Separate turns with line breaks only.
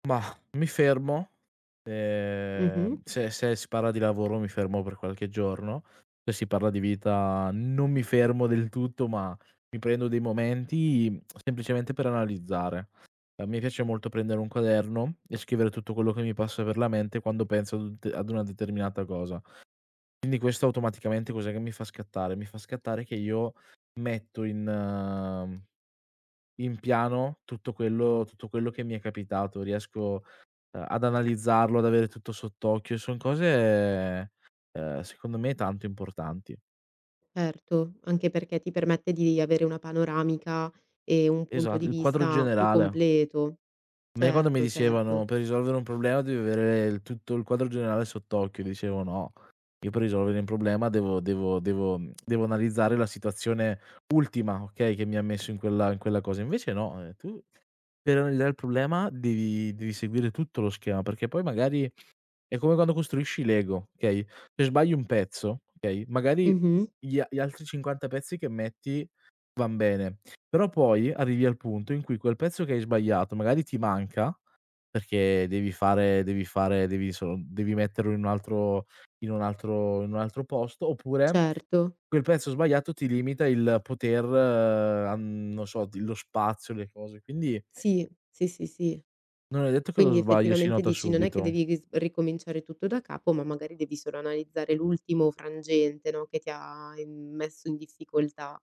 Mah, mi fermo, ehm,
Mh-mh.
se se si parla di lavoro mi fermo per qualche giorno. Se si parla di vita non mi fermo del tutto, ma mi prendo dei momenti, semplicemente per analizzare. A me piace molto prendere un quaderno e scrivere tutto quello che mi passa per la mente, quando penso ad un te ad una determinata cosa. Quindi questo automaticamente cos'è che mi fa scattare? Mi fa scattare che io metto in in piano tutto quello tutto quello che mi è capitato. Riesco ehm, ad analizzarlo, ad avere tutto sott'occhio, son cose, uhm, secondo me tanto importanti.
Certo, anche perché ti permette di avere una panoramica e un punto
Esa
di
il quadro
vista più
generale.
completo.
A me quando mi
Certo,
dicevano:
certo.
"Per risolvere un problema devi avere tutto il quadro generale sott'occhio." Dicevo: "No, io per risolvere un problema devo devo devo devo analizzare la situazione ultima, okay, che mi messo in quella in quella cosa." Invece no, ehm, tu per [unintelligible] il problema devi devi seguire tutto lo schema, perché poi magari è come quando costruisci i Lego, okay, se sbagli un pezzo, okay,
Mh,
magari
mh.
gli a gli altri 50 pezzi che metti van bene, però poi arrivi al punto in cui, quel pezzo che hai sbagliato, magari ti manca perché devi fare devi fare devi solo devi metterlo in un altro in un altro in un altro posto, oppure
Certo.
quel prezzo sbagliato ti limita il poter an non so, d lo spazio, le cose, quindi
Sì, sì, sì, sì.
non è detto che lo
Quindi
sbaglio si
effettivamente
nota
dici, non è che
subito.
devi g s ricominciare tutto da capo, ma magari devi solo analizzare l'ultimo frangente, no, che ti ha i messo in difficoltà.